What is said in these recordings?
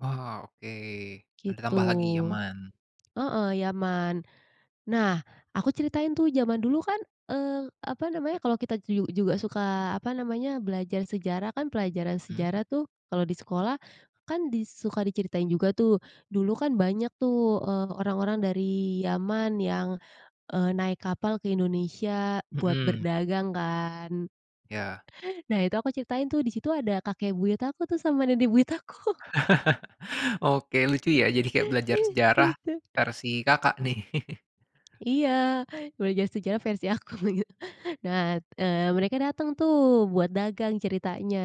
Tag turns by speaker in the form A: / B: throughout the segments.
A: Wow, oke. Ada
B: Gitu.
A: tambah lagi, Yaman.
B: Heeh, Yaman. Nah, aku ceritain tuh zaman dulu kan, eee, apa namanya, kalau kita juju juga suka apa namanya, belajar sejarah kan pelajaran
A: Mhm.
B: sejarah tuh kalau di sekolah, kan di suka diceritain juga tuh, dulu kan banyak tuh, eee, orang-orang dari Yaman yang, eee, naik kapal ke Indonesia buat
A: Mhm.
B: berdagang kan.
A: Ya.
B: Nah itu aku ceritain tuh, di situ ada kakek buyut aku tuh sama nenek buyut aku.
A: Oke, lucu ya, jadi kayak belajar sejarah
B: Gitu.
A: versi Kakak, nih.
B: Iya, belajar sejarah versi aku, begitu. Nah, eee, mereka dateng tuh buat dagang, ceritanya.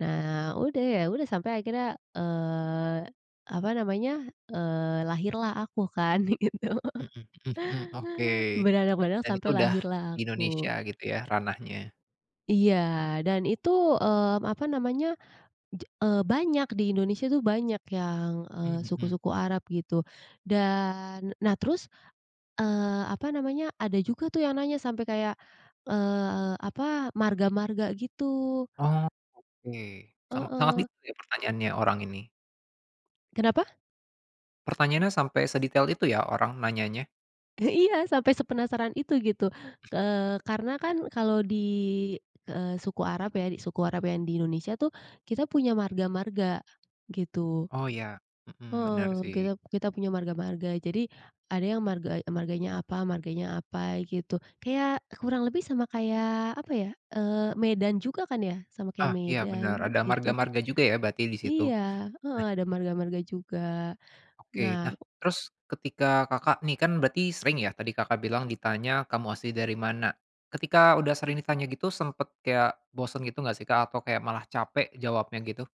B: Nah, udah ya udah sampai akhirnya, eee, apa namanya, eee, lahirlah aku kan, begitu.
A: Mmm, hmm hmm. Oke,
B: [unintelligible]
A: dan itu
B: Sampai
A: udah
B: lahirlah
A: di Indonesia
B: aku.
A: gitu ya, ranahnya.
B: Iya, dan itu, mmm, apa namanya, je eee, banyak di Indonesia tuh banyak yang, eee,
A: Mmm, hmm.
B: suku-suku Arab, gitu. Dan nah terus, eee, apa namanya, ada juga tuh yang nanya sampai kayak, eee, apa, marga-marga, gitu.
A: Oh, oke. Sama sangat
B: Heeh.
A: detail ya pertanyaannya orang ini.
B: Kenapa?
A: Pertanyaannya sampai sedetail itu ya orang nanyanya.
B: Eh, iya, sampai sepenasaran itu, gitu. Eee, karena kan kalau di eee, suku Arab ya, suku Arab yang di Indonesia tuh kita punya marga-marga, gitu.
A: Oh, ya. Hmm, bener
B: Heeh,
A: sih.
B: kita kita punya marga-marga. Jadi, ada yang marga marganya apa marganya apa, gitu. Kayak, kurang lebih sama kayak apa ya, eee, Medan juga kan ya, sama kayak
A: Ah, iya bener
B: Medan,
A: ada
B: gitu kan.
A: marga-marga juga ya berarti di situ?
B: Iya, heeh,
A: Nah
B: ada marga-marga juga.
A: Oke.
B: Nah
A: Nah, terus ketika Kakak nih kan berarti sering ya tadi Kakak bilang ditanya, "Kamu asli dari mana?" Ketika udah sering ditanya gitu sempet kayak bosen gitu nggak sih, Kak? Atau kayak malah capek jawabnya gitu?